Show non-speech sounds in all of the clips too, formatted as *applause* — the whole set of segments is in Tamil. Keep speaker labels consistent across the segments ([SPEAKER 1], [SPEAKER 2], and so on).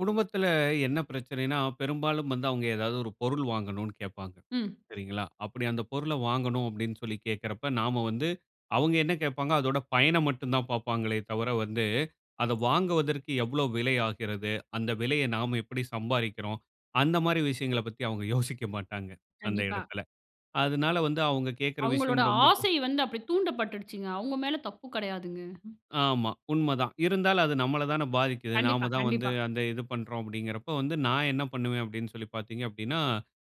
[SPEAKER 1] குடும்பத்துல என்ன பிரச்சனைன்னா, பெரும்பாலும் வந்து அவுங்க எதாவது ஒரு பொருள் வாங்கணும்ன்னு கேட்பாங்க,
[SPEAKER 2] ம்.
[SPEAKER 1] சரிங்களா, அப்படி அந்த பொருள வாங்கணும் அப்படின்னு சொல்லி கேட்கிறப்ப, நாம வந்து அவுங்க என்ன கேட்பாங்க, அதோட பயன மட்டும் தான் பார்ப்பாங்களே தவிர வந்து, அத வாங்குவதற்கு எவ்வளோ விலை ஆகிறது? அந்த விலைய நாம எப்படி சம்பாறிக்கிறோம். அந்த மாரி விஷயங்கள பத்தி அவுங்க யோசிக்க மாட்டாங்க, அந்த
[SPEAKER 2] கண்டிப்பா.
[SPEAKER 1] இடத்துல. அதனால வந்து அவுங்க கேட்கிற விஷயம்
[SPEAKER 2] அவுங்களோட
[SPEAKER 1] ரொம்ப ப
[SPEAKER 2] ஆசை வந்து அப்படி தூண்டப்பட்டுடுச்சுங்க. அவுங்க மேல தப்பு கெடையாதுங்க.
[SPEAKER 1] ஆமா. உண்மை தான். இருந்தாலும் அது நம்மள தான பாதிக்குது.
[SPEAKER 2] கண்டிப்பா,
[SPEAKER 1] நாம தான் வந்து
[SPEAKER 2] கண்டிப்பா.
[SPEAKER 1] அந்த இது பண்றோம் அப்படிங்கிறப்போ, வந்து நான் என்ன பண்ணுவேன் அப்படின்னு சொல்லி பார்த்தீங்க அப்படின்னா,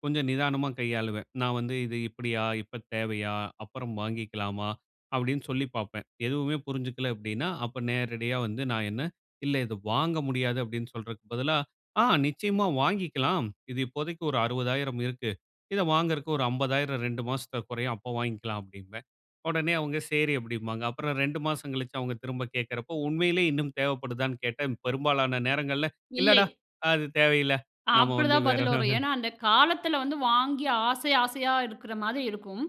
[SPEAKER 1] கொஞ்சம் நிதானமா கையாளுவேன். நான் வந்து, "இது இப்படியா, இப்ப தேவையா, அப்புறம் வாங்கிக்கலாமா?" அப்படின்னு சொல்லி பார்ப்பேன். எதுவுமே புரிஞ்சுக்கல அப்படின்னா, அப்ப நேரடியா வந்து நான் என்ன "இல்ல, இது வாங்க முடியாது." அப்படின்னு சொல்றக்கு பதிலா, "ஆ நிச்சயமா வாங்கிக்கலாம். இது இப்போதைக்கு ஒரு 60,000 இருக்கு. இத வாங்குறக்கு ஒரு 50,000 2 மாசத்துல குறையும், அப்ப வாங்கிக்கலாம்." அப்படிம்பேன். உடனே அவுங்க 'சரி!' அப்படிம்பாங்க. அப்புறம் 2 மாசம் கழிச்சு அவுங்க திரும்ப கேட்கிறப்போ, உண்மையிலே இன்னும் தேவைப்படுதான்னு கேட்டா, பெரும்பாலான நேரங்கள்ல
[SPEAKER 2] இல்லை.
[SPEAKER 1] "இல்லடா! அது தேவையில்ல. நாம வந்து
[SPEAKER 2] அப்படிதான்
[SPEAKER 1] வேற"
[SPEAKER 2] பதில் வரும்.
[SPEAKER 1] *unintelligible*
[SPEAKER 2] ஏன்னா, அந்த காலத்தில வந்து வாங்கி, ஆசை ஆசையா இருக்கிற மாதிரி இருக்கும்.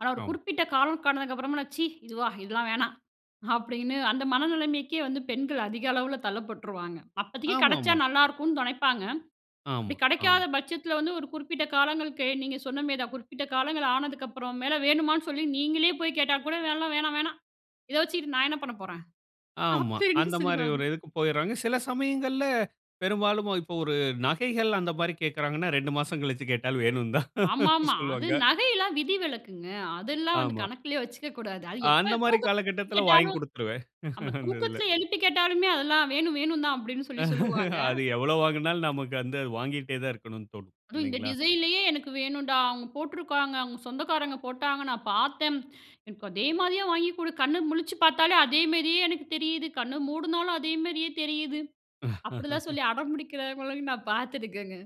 [SPEAKER 2] ஆனா, ஒரு
[SPEAKER 1] ஆமா.
[SPEAKER 2] குறிப்பிட்ட காலம் ஆனதுக்கு அப்பறமால்லாம், "ச்சீ! இதுவா! இதெல்லாம் வேணாம்." அப்படின்னு அந்த மனநிலைமைக்கே வந்து பெண்கள் அதிக அளவுல தள்ளப்பட்டுருவாங்க. அப்பதைக்கு கெடைச்சா
[SPEAKER 1] ஆமாமா.
[SPEAKER 2] நல்லாருக்கும்ன்னு நெனைப்பாங்க. அப்படி
[SPEAKER 1] ஆமா,
[SPEAKER 2] கெடைக்காத
[SPEAKER 1] ஆம்.
[SPEAKER 2] பட்சத்தில வந்து, ஒரு குறிப்பிட்ட காலங்களுக்கு நீங்க சொன்ன மாரி தான், குறிப்பிட்ட காலங்கள் ஆனதுக்கப்பறம் மேல, வேணுமான்னு சொல்லி நீங்களே போய் கேட்டா கூட, "எல்லாம் வேணாம் வேணாம். இத வச்சுகிட்டு நான் என்ன பண்ண போறேன்?"
[SPEAKER 1] ஆமா.
[SPEAKER 2] அப்படின்னு
[SPEAKER 1] அந்தமாரி
[SPEAKER 2] சொல்லிருவாங்க.
[SPEAKER 1] ஒரு இதுக்கு போயர்றாங்க. சில சமயங்கள்ல, பெரும்பாலும் இப்ப ஒரு நகைகள் அந்தமாரி கேட்கிறாங்கன்னா, 2 மாசம் கழிச்சு கேட்டாலும் வேணும்ன்னு தான்
[SPEAKER 2] ஆமாமா. அது
[SPEAKER 1] சொல்லுவாங்க.
[SPEAKER 2] நகைலாம் விதி விலக்குங்க. அதெல்லாம் வந்து
[SPEAKER 1] ஆமா.
[SPEAKER 2] கணக்குலயே வச்சுக்கக்கூடாது. அது
[SPEAKER 1] அந்த
[SPEAKER 2] எப்ப
[SPEAKER 1] மாரி
[SPEAKER 2] தூக்கத்தில போய்
[SPEAKER 1] காலகட்டத்தில வாங்கிக்
[SPEAKER 2] கேட்டாலும்
[SPEAKER 1] குடுத்துருவேன்,
[SPEAKER 2] நம்ம
[SPEAKER 1] *laughs* அந்த இதுல.
[SPEAKER 2] தூக்கத்தில எழுப்பி கேட்டாலுமே, "அதெல்லாம் வேணும், வேணுந்தான்" அப்படின்னு சொல்லி சொல்லுவாங்க.
[SPEAKER 1] அது எவ்வளோ வாங்குனாலும் நமக்கு வந்து அது வாங்கிட்டே தான் இருக்கணும்ன்னு தோணும்,
[SPEAKER 2] "அதுவும் இந்த
[SPEAKER 1] இல்லைங்களா?
[SPEAKER 2] டிசைன்லயே எனக்கு வேணுன்டா! அவுங்க போட்டிருக்காங்க. அவுங்க சொந்தக்காரங்க போட்டாங்க, நான் பார்த்தேன். எனக்கு அதே மாரியே வாங்கி குடு! கண்ணு முழிச்சு பார்த்தாலே, அதே மாரியே எனக்கு தெரியுது. கண்ண மூடுனாலும் அதே மாரியே தெரியுது." அப்படில்லாம்
[SPEAKER 1] *laughs*
[SPEAKER 2] சொல்லி அடம்பிடிக்கிறவங்களையும் நான் பார்த்துருக்கேங்க.